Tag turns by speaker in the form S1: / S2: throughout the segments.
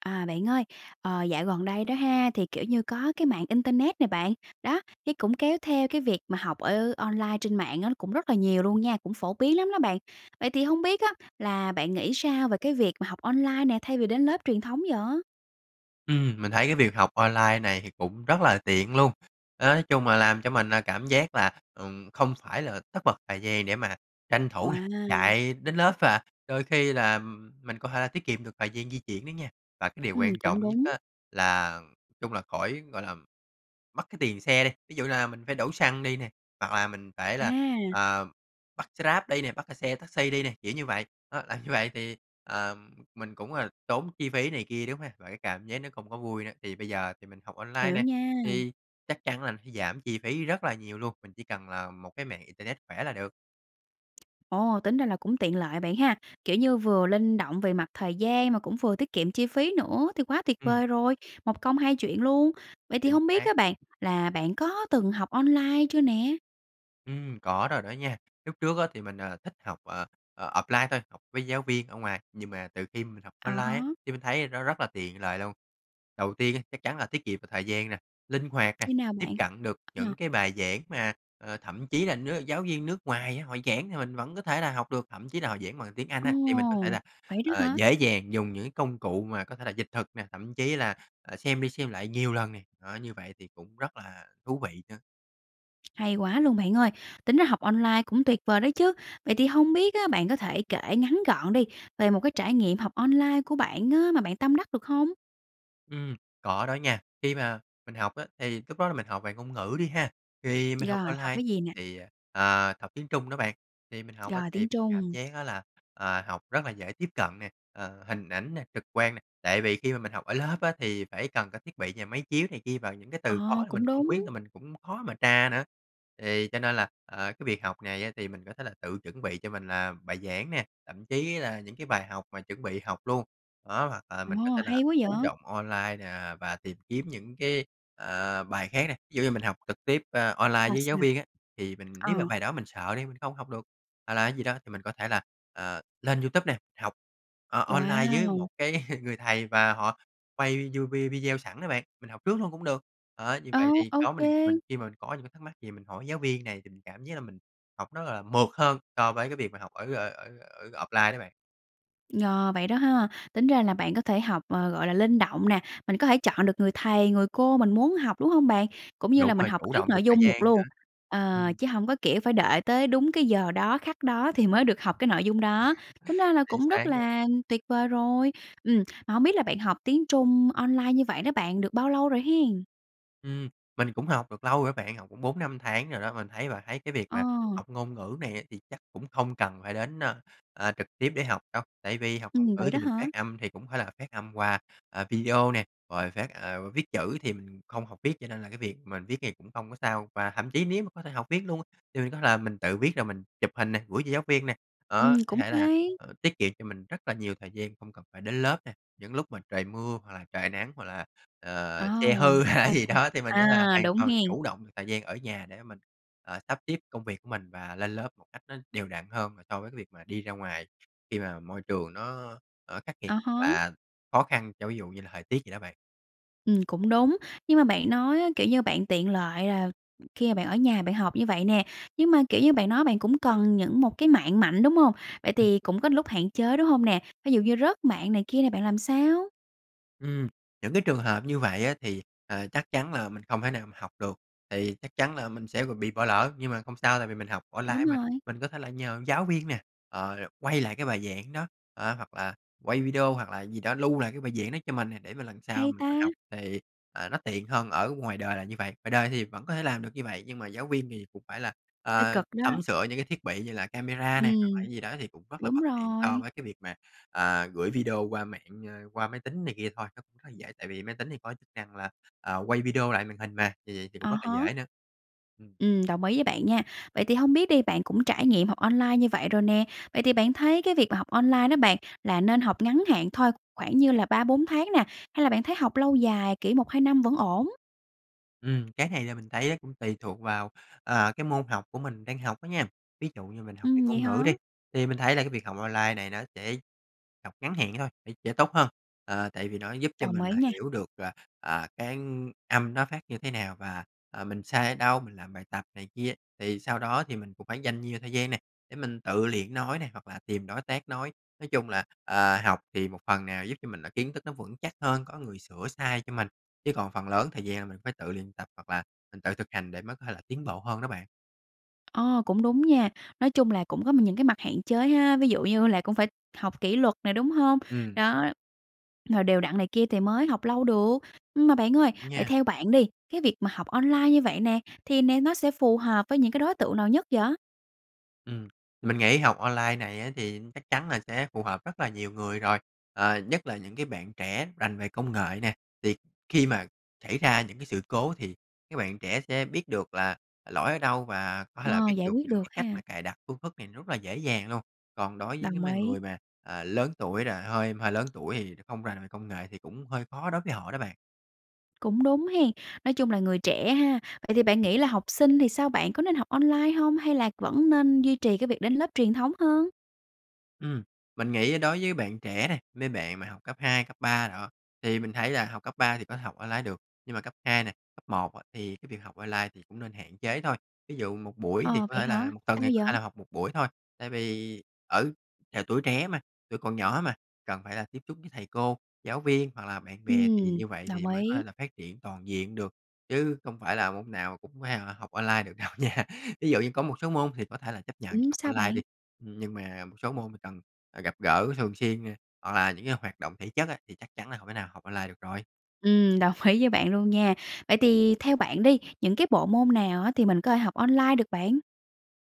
S1: À, bạn ơi, ờ, dạo gần đây đó ha, thì, kiểu như, có cái mạng internet nè bạn, đó, cái cũng kéo theo cái việc mà học ở online trên mạng á, cũng rất là nhiều luôn nha, cũng phổ biến lắm đó bạn. Vậy thì hông biết á, là bạn nghĩ sao về cái việc mà học online nè, thay vì đến lớp truyền thống vậy?
S2: Ừm, mình thấy cái việc học online này thì cũng rất là tiện luôn. Đó, nói chung là làm cho mình, à, cảm giác là, ừm, không phải là tất bật thời gian để mà tranh thủ nè
S1: Wow!
S2: chạy đến lớp và đôi khi là mình có thể tiết kiệm được thời gian di chuyển nữa nha, và cái điều
S1: Ừm,
S2: quan
S1: cũng
S2: trọng nhất
S1: đúng.
S2: á, là chung là khỏi gọi là, mất cái tiền xe đi. Ví dụ là mình phải đổ xăng đi nè, hoặc là mình phải là,
S1: À!
S2: ờ, bắt xe Grab đi nè, bắt, ơ, xe taxi đi nè, kiểu như vậy, đó, là như vậy thì, ờm, mình cũng, gọi là, tốn chi phí này kia, đúng ha? Và cái cảm giác nó không có vui nữa, thì bây giờ thì mình học online
S1: Hiểu
S2: nè,
S1: nha.
S2: thì chắc chắn là sẽ giảm chi phí rất là nhiều luôn, mình chỉ cần là một cái mạng internet khỏe là được.
S1: Ồ, tính ra là cũng tiện lợi bạn ha. Kiểu như, vừa linh động về mặt thời gian, mà cũng vừa tiết kiệm chi phí nữa, thì quá tuyệt
S2: Ừm.
S1: vời rồi, một công hai chuyện luôn. Vậy thì
S2: Chính
S1: hông biết
S2: xác.
S1: á, bạn là bạn có từng học online chưa nè?
S2: Ừm, có rồi đó nha. Lúc trước á thì mình, à, thích học, ờ, ờ, offline thôi, học với giáo viên ở ngoài, nhưng mà từ khi mình học
S1: À
S2: online á,
S1: há.
S2: thì mình thấy nó rất là tiện lợi luôn. Đầu tiên á chắc chắn là tiết kiệm về thời gian nè, linh hoạt nè,
S1: Như nào
S2: tiếp
S1: bạn?
S2: cận được
S1: Ờ.
S2: những cái bài giảng mà, ờ, thậm chí là nước giáo viên nước ngoài á, họ giảng thì mình vẫn có thể là học được. Thậm chí là họ giảng bằng tiếng Anh
S1: Ồ,
S2: á, thì mình có thể là,
S1: vậy đó
S2: ờ,
S1: hả?
S2: dễ dàng dùng những cái công cụ mà có thể là dịch thuật nè, thậm chí là, ờ, xem đi xem lại nhiều lần nè, đó, như vậy thì cũng rất là thú vị nữa.
S1: Hay quá luôn bạn ơi! Tính ra học online cũng tuyệt vời đó chứ! Vậy thì hông biết á, bạn có thể kể ngắn gọn đi về một cái trải nghiệm học online của bạn á, mà bạn tâm đắc được hông?
S2: Ừm, có đó nha. Khi mà mình học á, thì lúc đó là mình học về ngôn ngữ đi ha, thì mình học
S1: Rồi, học
S2: online
S1: cái gì nè?
S2: thì, ờ, học tiếng Trung đó bạn, thì mình học á
S1: Rồi,
S2: thì
S1: tiếng
S2: mình cảm
S1: Trung.
S2: giác á là, à, học rất là dễ tiếp cận nè, ờ, hình ảnh nè, trực quan nè. Tại vì khi mà mình học ở lớp á thì phải cần có thiết bị và máy chiếu này kia, và những cái
S1: Ờ,
S2: từ khó mình
S1: cũng
S2: không biết
S1: đúng.
S2: là mình cũng khó mà tra nữa. Thì cho nên là, ờ, cái việc học này á thì mình có thể là tự chuẩn bị cho mình, à, bài giảng nè, thậm chí là những cái bài học mà chuẩn bị học luôn, đó, hoặc là
S1: Ồ,
S2: mình có thể là
S1: hay quá
S2: chủ
S1: vậy!
S2: động online nè và tìm kiếm những cái, ờ, bài khác nè. Thí dụ như mình học trực tiếp online, à,
S1: Sao,
S2: với giáo
S1: sao?
S2: viên á, thì mình nếu mà
S1: Ờ.
S2: bài đó mình sợ đi, không học được, hoặc là cái gì đó thì mình có thể là, ờ, lên YouTube nè, học o online với một
S1: Wow!
S2: cái người thầy mà họ quay video video sẵn á bạn, mình học trước luôn cũng được. Đó, như vậy
S1: Ô,
S2: thì
S1: ô
S2: có mình mình
S1: kê.
S2: khi mà mình có những cái thắc mắc gì mình hỏi giáo viên này thì mình cảm giác là mình học rất là mượt hơn so với cái việc mà học ở ở ở ở offline đó bạn.
S1: Ờ, vậy đó ha. Tính ra là bạn có thể học, ờ, gọi là, linh động nè, mình có thể chọn được người thầy, người cô mình muốn học, đúng hông bạn? Cũng như
S2: Đúng
S1: là mình
S2: rồi,
S1: học
S2: chủ
S1: trước
S2: động được
S1: nội
S2: thời
S1: dung được
S2: gian
S1: luôn.
S2: nữa.
S1: Ờ,
S2: Ừm.
S1: chứ hổng có, kiểu, phải đợi tới đúng cái giờ đó, khắc đó thì mới được học cái nội dung đó. Tính ra là
S2: Chính
S1: cũng
S2: xác
S1: rất
S2: á.
S1: là tuyệt vời rồi. Ừm, mà hông biết là bạn học tiếng Trung online như vậy đó bạn, được bao lâu rồi hén?
S2: Ừm, mình cũng học được lâu rồi bạn, học cũng 4-5 tháng rồi đó. Mình thấy bạn thấy cái việc
S1: Ờ.
S2: mà học ngôn ngữ này á thì chắc cũng không cần phải đến, ơ, ơ, trực tiếp để học đâu. Tại vì học ngôn
S1: Ừm,
S2: ngữ
S1: vậy
S2: thì
S1: đó
S2: mình
S1: hả?
S2: phát âm thì cũng phải là phát âm qua, à, video nè, rồi phát ờ, viết chữ thì mình không học viết cho nên là cái việc mình viết thì cũng không có sao. Và thậm chí nếu mà có thể học viết luôn, thì mình có là mình tự viết rồi mình chụp hình nè, gửi cho giáo viên nè. Đó,
S1: Ừm,
S2: có
S1: cũng
S2: thể là,
S1: hay!
S2: ờ, tiết kiệm cho mình rất là nhiều thời gian, không cần phải đến lớp nè. Những lúc mà trời mưa hoặc là trời nắng hoặc là, ờ,
S1: À!
S2: xe hư hay là
S1: Sao?
S2: gì
S1: Sao?
S2: đó, thì mình có là
S1: À,
S2: hoàn
S1: đúng
S2: toàn
S1: hén?
S2: chủ động được thời gian ở nhà để mình, ờ, sắp xếp công việc mình và lên lớp một cách nó đều đặn hơn và so với cái việc mà đi ra ngoài khi mà môi trường nó, ờ, khắc nghiệt
S1: À
S2: hoặc
S1: há.
S2: là khó khăn cho ví dụ như là thời tiết vậy đó bạn.
S1: Ừm, cũng đúng. Nhưng mà bạn nói á, kiểu như, bạn tiện lợi là khi bạn ở nhà bạn học như vậy nè, nhưng mà, kiểu như, bạn nói bạn cũng cần những một cái mạng mạnh, đúng hông? Vậy
S2: Ừm.
S1: thì cũng có lúc hạn chế đúng hông nè? Ví dụ như rớt mạng này kia nè, bạn làm sao?
S2: Ừm, những cái trường hợp như vậy á thì, ờ, chắc chắn là mình không thể nào học được. Thì chắc chắn là mình sẽ rồi bị bỏ lỡ nhưng mà không sao. Tại vì mình học online
S1: Đúng
S2: mà,
S1: rồi.
S2: mình có thể là nhờ giáo viên nè, ờ, quay lại cái bài giảng đó. Ờ, hoặc là quay video hoặc là gì đó lưu lại cái bài giảng đó cho mình nè, để mà lần sau
S1: Hay
S2: mình có
S1: ta!
S2: học thì, à, nó tiện hơn ở ngoài đời là như vậy. Ngoài đời thì vẫn có thể làm được như vậy, nhưng mà giáo viên thì cũng phải là,
S1: Hơi
S2: à,
S1: cực đó.
S2: sắm sửa những cái thiết bị như là camera nè, hoặc
S1: Ừm,
S2: là gì đó thì cũng rất là
S1: đúng
S2: bất tiện so
S1: rồi.
S2: với cái việc mà, à, gửi video qua mạng, a, qua máy tính này kia thôi. Nó rất là dễ tại vì máy tính thì có chức năng là, à, quay video lại màn hình mà, thì thì cũng
S1: À
S2: rất là
S1: há.
S2: dễ nữa. Ừm.
S1: Ừm, đồng ý với bạn nha. Vậy thì hông biết đi, bạn cũng trải nghiệm học online như vậy rồi nè. Vậy thì bạn thấy cái việc mà học online đó bạn, là nên học ngắn hạn thôi, khoảng như là 3, 4 tháng nè? Hay là bạn thấy học lâu dài, kiểu 1, 2 năm vẫn ổn?
S2: Ừm, cái này là mình thấy nó cũng tùy thuộc vào, ờ, cái môn học của mình đang học á nha. Ví dụ như mình học về
S1: Ừm, vậy
S2: ngôn ngữ đi,
S1: hả?
S2: thì mình thấy là cái việc học online này nó sẽ học ngắn hạn thôi thì sẽ tốt hơn. Ờ, tại vì nó giúp cho
S1: Đồng
S2: mình
S1: ý
S2: là
S1: nha!
S2: hiểu được, à, à, cái âm nó phát như thế nào và, ờ, mình sai ở đâu, làm bài tập này kia. Thì sau đó thì mình cũng phải dành nhiều thời gian nè, để mình tự luyện nói nè hoặc là tìm đối tác nói. Nói chung là, ờ, học thì một phần nào giúp cho mình là kiến thức nó vững chắc hơn, có người sửa sai cho mình, chứ còn phần lớn thời gian là mình phải tự luyện tập hoặc là mình tự thực hành để mới có thể là tiến bộ hơn đó bạn.
S1: Ờ, cũng đúng nha! Nói chung là cũng có những cái mặt hạn chế ha, ví dụ như là cũng phải học kỷ luật nè, đúng hông?
S2: Ừm.
S1: Đó rồi đều đặn này kia thì mới học lâu được. Mà bạn ơi, vậy
S2: Nha.
S1: theo bạn đi, cái việc mà học online như vậy nè, thì nè nó sẽ phù hợp với những cái đối tượng nào nhất vậy?
S2: Ừm, mình nghĩ học online này á, thì chắc chắn là sẽ phù hợp rất là nhiều người rồi, ờ, nhất là những cái bạn trẻ rành về công nghệ nè. Thì khi mà xảy ra những cái sự cố thì các bạn trẻ sẽ biết được là lỗi ở đâu và có thể là
S1: Ờ,
S2: biết
S1: giải
S2: được
S1: quyết
S2: những
S1: được
S2: cái cách mà
S1: ha.
S2: cài đặt phương thức này rất là dễ dàng luôn. Còn đối với cái
S1: Đồng
S2: mà
S1: ý.
S2: người mà, à, lớn tuổi rồi, hơi mà lớn tuổi thì không rành về công nghệ thì cũng hơi khó đối với họ đó bạn.
S1: Cũng đúng hen? Nói chung là người trẻ ha? Vậy thì bạn nghĩ
S2: [unintelligible]
S1: là học sinh thì sao bạn, có nên học online hông? Hay là vẫn nên duy trì cái việc đến lớp truyền thống hơn?
S2: Ừm, mình nghĩ đối với bạn trẻ nè, mấy bạn mà học cấp 2, cấp 3 đồ, thì mình thấy là học cấp 3 thì có thể học online được, nhưng mà cấp 2 này, cấp 1 á thì cái việc học online thì cũng nên hạn chế thôi. Ví dụ một buổi, thì
S1: Ờ,
S2: có
S1: vậy
S2: thể
S1: hả?
S2: là một tuần
S1: Sao
S2: thì có thể là
S1: vậy?
S2: học một buổi thôi. Tại vì ừ, trời, tuổi trẻ mà, tuổi còn nhỏ mà, cần phải là tiếp xúc với thầy cô, giáo viên hoặc là bạn bè, thì
S1: Ừm,
S2: như vậy
S1: đồng
S2: thì mới có
S1: ý.
S2: thể là phát triển toàn diện được, chứ không phải là môn nào cũng phải là học online được đâu nha. Thí dụ như có một số môn thì có thể là chấp nhận
S1: Ừm,
S2: học
S1: sao
S2: online đi,
S1: bạn?
S2: nhưng mà một số môn thì cần, ờ, gặp gỡ thường xuyên, hoặc là những cái hoạt động thể chất á, thì chắc chắn là hông thể nào học online được rồi.
S1: Ừm, đồng ý với bạn luôn nha. Vậy thì theo bạn đi, những cái bộ môn nào á thì mình có thể học online được bạn?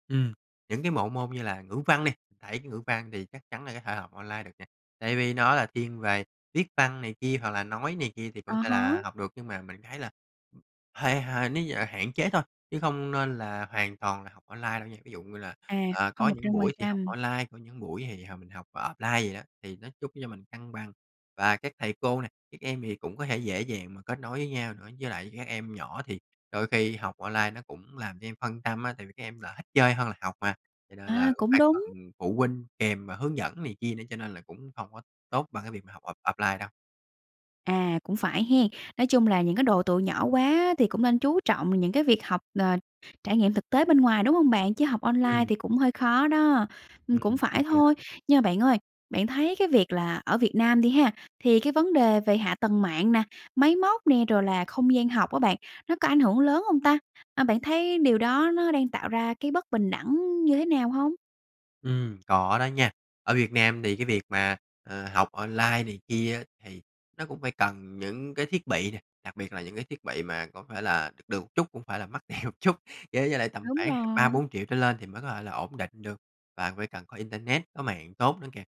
S2: Ừm, những cái bộ môn như là ngữ văn đi, đấy, cái ngữ văn thì chắc chắn là có thể học online được nè, tại vì nó là thiên về viết văn này kia hoặc là nói này kia thì cũng
S1: À
S2: thể
S1: há.
S2: là học được. Nhưng mà mình thấy là ừm, hay hơn nếu như là hạn chế thôi, chứ không nên là hoàn toàn là học online đâu nha. Ví dụ như là,
S1: À,
S2: ờ, có
S1: không một
S2: những
S1: trăm phần
S2: buổi thì học
S1: trăm.
S2: online, có những buổi thì h mình học offline vậy đó, thì nó giúp cho mình cân bằng. Và các thầy cô nè, các em thì cũng có thể dễ dàng mà kết nối với nhau nữa. Với lại các em nhỏ thì đôi khi học online nó cũng làm cho em phân tâm á, tại vì các em là thích chơi hơn học mà, cho nên là
S1: À,
S2: cũng
S1: cũng
S2: phải
S1: đúng!
S2: cần phụ huynh kèm và hướng dẫn này kia nữa, cho nên là cũng không có tốt bằng cái việc mà học off offline đâu.
S1: À, cũng phải hén? Nói chung là những cái độ tuổi nhỏ quá thì cũng nên chú trọng vào những cái việc học, ờ, trải nghiệm thực tế bên ngoài, đúng hông bạn? Chứ học online
S2: Ừm.
S1: thì cũng hơi khó đó. Ừm,
S2: Ừm,
S1: cũng phải
S2: đúng vậy
S1: thôi.
S2: đó.
S1: Nhưng bạn ơi, bạn thấy cái việc là ở Việt Nam đi ha, thì cái vấn đề về hạ tầng mạng nè, máy móc nè, rồi là không gian học á bạn, nó có ảnh hưởng lớn hông ta? A, bạn thấy điều đó nó đang tạo ra cái bất bình đẳng như thế nào hông?
S2: Ừm, có đó nha. Ở Việt Nam thì cái việc mà, ờ, học online này kia thì nó cũng phải cần những cái thiết bị nè, đặc biệt là những cái thiết bị mà có phải là được được chút, cũng phải là mắc tiền một chút. Với giờ là tầm
S1: Đúng
S2: khoảng h ba,
S1: rồi.
S2: 4.000.000 trở lên thì mới có thể là ổn định được, và phải cần có internet, có mạng tốt nữa kìa.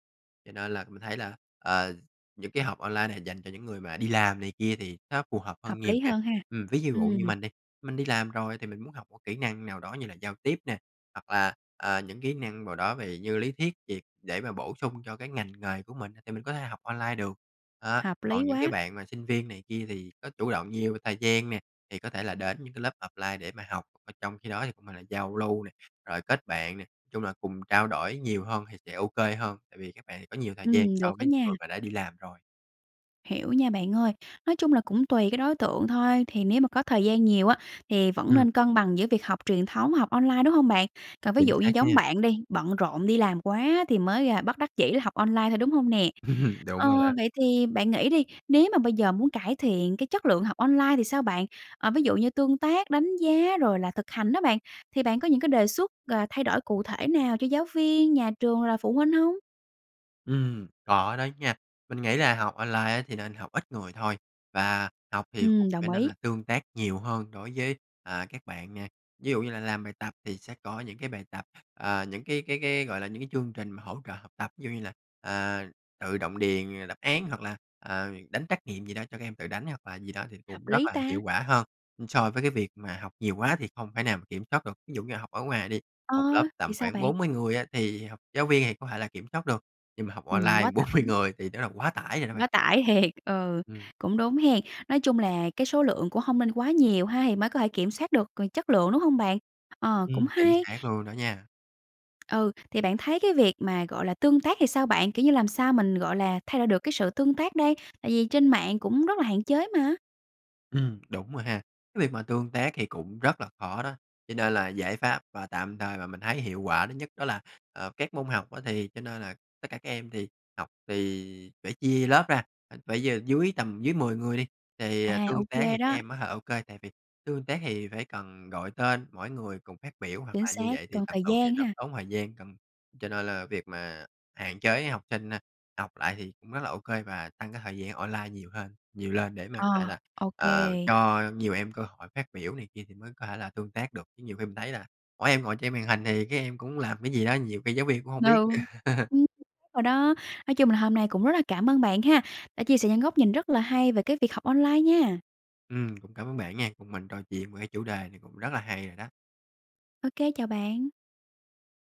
S2: Cho nên là mình thấy là, ờ, những cái học online nà dành cho những người mà đi làm này kia thì nó phù hợp
S1: Hợp
S2: hơn nhiều
S1: lý
S2: nha.
S1: hơn ha.
S2: Ừm, ví d dụ
S1: Ừm.
S2: như mình đi, mình đi làm rồi thì mình muốn học một kỹ năng nào đó như là giao tiếp nè, hoặc là, ờ, những kỹ năng vào đó về như lý thuyết gì, để mà bổ sung cho cái ngành nghề của mình, thì mình có thể học online được. Đó,
S1: Hợp
S2: còn
S1: lý
S2: những cái
S1: quá!
S2: bạn mà sinh viên này kia thì có chủ động nhiều về thời gian nè, thì có thể là đến những cái lớp offline để mà học. Ờ, trong khi đó thì cũng là là giao lưu nè, rồi kết bạn nè, chung là cùng trao đổi nhiều hơn thì sẽ ô kê hơn, tại vì các bạn có nhiều thời gian
S1: Ừm,
S2: so
S1: được á
S2: với
S1: nha.
S2: người mà đã đi làm rồi.
S1: Hiểu nha bạn ơi. Nói chung là cũng tùy cái đối tượng thôi, thì nếu mà có thời gian nhiều á thì vẫn nên
S2: Ừm.
S1: cân bằng giữa việc học truyền thống, học online, đúng hông bạn? Còn ví
S2: Chính
S1: dụ như
S2: xác
S1: giống
S2: nha!
S1: bạn đi, bận rộn đi làm quá thì mới bất đắc dĩ học online thôi, đúng hông nè?
S2: Đúng
S1: Ờ,
S2: rồi đó.
S1: vậy thì bạn nghĩ đi, nếu như mà bây giờ muốn cải thiện cái chất lượng học online thì sao bạn? Ờ, ví dụ như tương tác, đánh giá rồi là thực hành đó bạn, thì bạn có những cái đề xuất, à, thay đổi cụ thể nào cho giáo viên, nhà trường, là phụ huynh hông?
S2: Ừm, có đó nha. Mình nghĩ là học online á thì nên học ít người thôi, và học thì cũng
S1: Ừm,
S2: phải
S1: đồng
S2: nên
S1: ý.
S2: là tương tác nhiều hơn đối với, à, các bạn nè. Ví dụ như là làm bài tập thì sẽ có những cái bài tập, ờ, những cái cái cái, gọi là, những cái chương trình mà hỗ trợ học tập. Ví dụ như là, ờ, tự động đền đáp án hoặc là, ờ, đánh trắc nghiệm gì đó, cho các em tự đánh hoặc là gì đó thì
S1: Hợp
S2: cũng rất
S1: lý
S2: là
S1: ta!
S2: hiệu quả hơn so với cái việc mà học nhiều quá thì không thể nào kiểm soát được. Ví dụ như học ở ngoài đi,
S1: Ờ,
S2: một lớp
S1: thì
S2: tầm
S1: sao
S2: khoảng
S1: bạn?
S2: 40 người á, thì học giáo viên thì có thể là kiểm soát được, nhưng mà học
S1: Ừm,
S2: online
S1: quá
S2: 40
S1: tải.
S2: người thì nó là quá tải rồi đó bạn.
S1: Quá tải thiệt, ừ,
S2: Ừm.
S1: cũng đúng ha! Nói chung là cái số lượng cũng hông nên quá nhiều ha, thì mới có thể kiểm soát được c chất lượng, đúng hông bạn? Ờ, cũng
S2: Ừm, chính
S1: hay!
S2: xác luôn đó nha!
S1: Ừ, thì bạn thấy cái việc mà, gọi là, tương tác thì sao bạn, kiểu như, làm sao mình, gọi là, thay đổi được cái sự tương tác đây? Tại vì trên mạng cũng rất là hạn chế mà.
S2: Ừ, đúng rồi ha. Cái việc mà tương tác thì cũng rất là khó đó, cho nên là giải pháp và tạm thời mà mình thấy hiệu quả thứ nhất đó là, ờ, các môn học á thì cho nên là tất cả các em thì học thì phải chia lớp ra, [unintelligible] phải giờ dưới tầm dưới 10 người đi, thì,
S1: À,
S2: ờ,
S1: ô
S2: tương tác
S1: kê
S2: thì các
S1: đó.
S2: em á ha, ô kê, tại vì tương tác hì phải cần gọi tên mỗi người cùng phát biểu hoặc
S1: Chính
S2: là như
S1: xác,
S2: vậy thì
S1: cần
S2: tầm
S1: thời
S2: từ thì
S1: gian
S2: rất
S1: ha.
S2: tốn thời gian. Cần cho nên là việc mà hạn chế học sinh, a, học lại thì cũng rất là ô kê và tăng cái thời gian online nhiều hơn nhiều lên để mà
S1: Ờ,
S2: có thể là,
S1: ô
S2: ờ,
S1: kê.
S2: cho nhiều em cơ hội phát biểu này kia thì mới có thể là tương tác được. Chứ nhiều khi mình thấy là mỗi em ngồi trên màn hình thì các em cũng làm cái gì đó, nhiều khi giáo viên cũng hông
S1: Ừ.
S2: biết
S1: Ừm
S2: nữa.
S1: [unintelligible] rồi đó, nói chung là hôm nay cũng rất là cảm ơn bạn ha, đã chia sẻ những góc nhìn rất là hay về cái việc học online nha!
S2: Ừm, cũng cảm ơn bạn nha, cùng mình trò chuyện về cái chủ đề này cũng rất là hay rồi đó.
S1: Ô kê, chào bạn.